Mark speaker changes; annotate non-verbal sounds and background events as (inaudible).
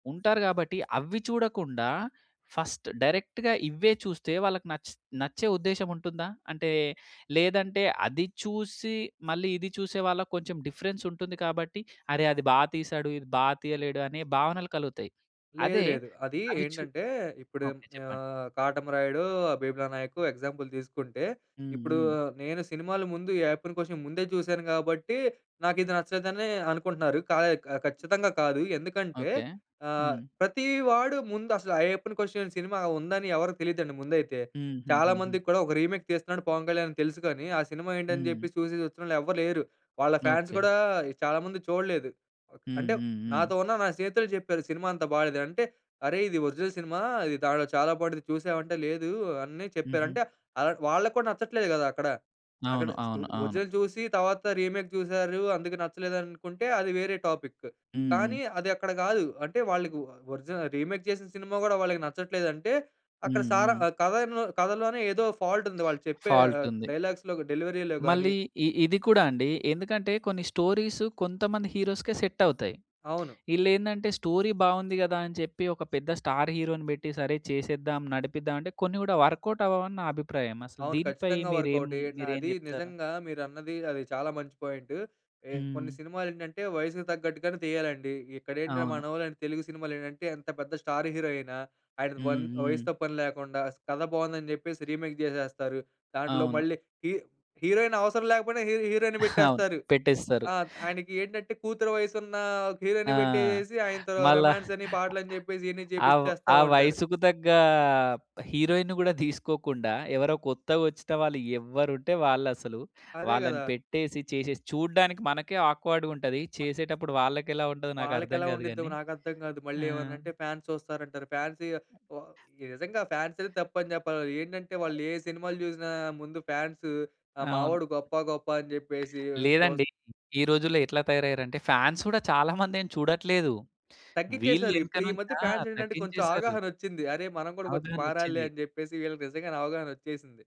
Speaker 1: ఉంటారు గాబట్టి అవ్వి చూడకుండా ఫస్ట్ డైరెక్ట్‌గా ఇవ్వే చూస్తే వాళ్ళకి నచ్చి నచ్చే ఉద్దేశ్యం ఉంటుందా? అంటే లేదంటే అది చూసి మళ్ళీ ఇది చూసే వాళ్ళకి కొంచెం డిఫరెన్స్ ఉంటుంది కాబట్టి అరె! అది బాగా తీసాడు, ఇది బాగా తీయలేడు అనే భావనలు కలుగుతాయి.
Speaker 2: లేదు
Speaker 1: అదే
Speaker 2: లేదు. అది
Speaker 1: అవి చు
Speaker 2: ఏంటంటే ఇప్పుడు ఏం
Speaker 1: ఓకే! చెప్పండి.
Speaker 2: ఆహ్, 'కాటమరాయుడు', ఆ 'బీమ్లా నాయకు' ఎగ్జాంపుల్ తీసుకుంటే.
Speaker 1: హ్మ్.
Speaker 2: ఇప్పుడు
Speaker 1: హ్మ్.
Speaker 2: నేను సినిమాల ముందు ఈ 'అయ్యప్పన్ కోషియం' ముందే చూసాను కాబట్టి నాకిది నచ్చలేదనే అనుకుంటున్నారు. ఖ ఖచ్చితంగా కాదు. ఎందుకంటే
Speaker 1: ఓకే.
Speaker 2: ఆహ్,
Speaker 1: హ్మ్.
Speaker 2: ప్రతీ వాడు ముందసల 'అయ్యప్పన్ కోషియం' సినిమా ఉందని ఎవరికీ తెలియదండి ముందైతే. చాలా
Speaker 1: హుహుహుహు.
Speaker 2: మందికి కూడా ఒక రీమేక్ తీస్తున్నాడు 'పవన్ కళ్యాణ్' అని తెలుసు కానీ ఆ సినిమా ఏంటని
Speaker 1: హ్మ్.
Speaker 2: చెప్పి చూసి వచ్చినోళ్ళు ఎవ్వరు లేరు. వాళ్ళ ఫాన్స్
Speaker 1: ఓకే.
Speaker 2: గూడా చాలా మంది చూడలేదు. ఓ
Speaker 1: హ్మ్.
Speaker 2: అంటే
Speaker 1: హ్మ్. హ్మ్.
Speaker 2: నాతో ఉన్న నా స్నేహితులే చెప్పారు సినిమా అంత బాలేదు. అంటే, "అరె! ఇది ఒరిజినల్ సినిమా చాలా బాంటుంది చూసావంటే" లేదు, అన్నియ
Speaker 1: హుహు.
Speaker 2: చెప్పారంటే ఆహ్, వాళ్ళక్కూడా నచ్చట్లేదు కదా! అక్కడ. అక్కడ
Speaker 1: అవును.
Speaker 2: ఓ
Speaker 1: అవును. అవును.
Speaker 2: ఒరిజినల్ చూసి తరువాత రీమేక్ చూసారు అందుకే నచ్చలేదనుకుంటే అది వేరే టాపిక్కు.
Speaker 1: హుహు.
Speaker 2: కానీ అదక్కడ కాదు. అంటే వాళ్ళకి ఓ ఒరిజిన రీమేక్ చేసిన సినిమా గూడా వాళ్ళకి నచ్చట్లేదంటే అక్కడ
Speaker 1: హ్మ్.
Speaker 2: సారా
Speaker 1: హ్మ్.
Speaker 2: ఆహ్, కథ కథలోనే ఏదో ఫాల్ట్ ఉంది. వాళ్ళు
Speaker 1: (smacks lips)
Speaker 2: చెప్పే
Speaker 1: ఫాల్ట్
Speaker 2: ఆహ్,
Speaker 1: ఉంది.
Speaker 2: డైలాగ్స్‌లో, డెలివరీ‌లో గాని
Speaker 1: మళ్ళీ ఈ ఇది కూడా అండి. ఎందుకంటే కొన్ని స్టోరీస్ కొంతమంది హీరోస్‌‌కే సెట్ అవుతాయి.
Speaker 2: అవును.
Speaker 1: ఈలేందంటే స్టోరీ బాగుంది కదా! అని చెప్పి ఒక పెద్ద స్టార్ హీరో‌ని పెట్టి సరే చేసేద్దాం నడిపిద్దాం అంటే కొన్ని కూడా వర్కౌట్ అవ్వవని నా అభిప్రాయం. అసలు
Speaker 2: అవును.
Speaker 1: దీనిపై
Speaker 2: ఖచ్చితంగా
Speaker 1: మీరేం,
Speaker 2: వర్కౌటే
Speaker 1: మీరేం
Speaker 2: అది
Speaker 1: చెప్తారు?
Speaker 2: నిజంగా మీరన్నది అది చాలా మంచి పాయింటు. ఏ
Speaker 1: హ్మ్.
Speaker 2: కొన్ని సినిమాలేంటంటే వయసుకు తగ్గట్టుగానే తీయాలండి. ఇక్కడేంటి
Speaker 1: అవును.
Speaker 2: మనోళ్ళు తెలుగు సినిమాలేంటంటే ఎంత పెద్ద స్టార్ హీరో ఆయిన, ఆయన వన్
Speaker 1: హ్మ్. హ్మ్.
Speaker 2: వయసుతో పనిలేకుండా కథ బావుందని చెప్పేసి రీమేక్ జేసేస్తారు. దాంట్లో
Speaker 1: అవును.
Speaker 2: మళ్ళీ హీ హీరోయిన్ అవసరం లేకపోయినా హీ హీరోయిన్‌ని
Speaker 1: అవును.
Speaker 2: పెట్టేస్తారు.
Speaker 1: పెట్టేస్తారు.
Speaker 2: ఆ! ఆయనకేంటంటే కూతురు వయసున్న
Speaker 1: ఆ!
Speaker 2: హీరోయిన్‌ని పెట్టేసేసి ఆయన‌తో
Speaker 1: మళ్ళా
Speaker 2: రొమాన్స్ అని పాటలు అని చెప్పేసి ఇయన్ని
Speaker 1: ఆ‌వ్
Speaker 2: చేపిచ్చేస్తా
Speaker 1: ఆ
Speaker 2: ఉంటారు.
Speaker 1: వయసుకు తగ్గ హీరోయిన్‌ని కూడా (giggles) తీసుకోకుండా ఎవరో కొత్తగొచ్చిన వాళ్ళు ఎవరుంటే వాళ్ళు అసలు.
Speaker 2: అదే
Speaker 1: వాళ్ళని
Speaker 2: కదా!
Speaker 1: పెట్టేసి చేసేసి చూడ్డానికి మనకే ఆక్వర్డ్‌గా ఉంటది.
Speaker 2: వ
Speaker 1: చేసేటప్పుడు వాళ్ళకి ఎలా ఉంటదో నాకు అర్థం
Speaker 2: వాళ్లకెలా
Speaker 1: కాదు
Speaker 2: ఉండిద్దో
Speaker 1: గాని.
Speaker 2: నాకర్థం కాదు.
Speaker 1: ఆ!
Speaker 2: మళ్ళీ ఏమన్నంటే ఫాన్స్ చూస్తారంటారు. ఫాన్స్ వ నిజంగా ఫాన్స్ అనేది తప్పని చెప్పాలి. ఏంటంటే వాళ్ళు ఏ సినిమాలు చూసినా ముందు ఫాన్స్
Speaker 1: అవును.
Speaker 2: మావోడు గొప్ప, గొప్ప అని చెప్పేసి.
Speaker 1: (smacks lips)
Speaker 2: చూస్
Speaker 1: లేదండి. ఈ రోజుల్లో ఎట్లా తయారయ్యారంటే ఫాన్స్ గూడా చాలా మందేం చూడట్లేదు.
Speaker 2: తగ్గించ్చేసారు. ఇప్పుడు ఈ
Speaker 1: వీళ్ళెనకనుంచి
Speaker 2: మధ్య
Speaker 1: ఆ!
Speaker 2: ఫాన్స్ ఏంటంటే కొంచెం
Speaker 1: తగ్గించేసారు.
Speaker 2: అవగాహనొచ్చింది. అరేయ్! మనం కూడా కొంచెం మారాలిలే
Speaker 1: అవగాహనోచ్చింది.
Speaker 2: అని చెప్పేసి వీళ్ళకి నిజంగానే అవగాహనొచ్చేసింది.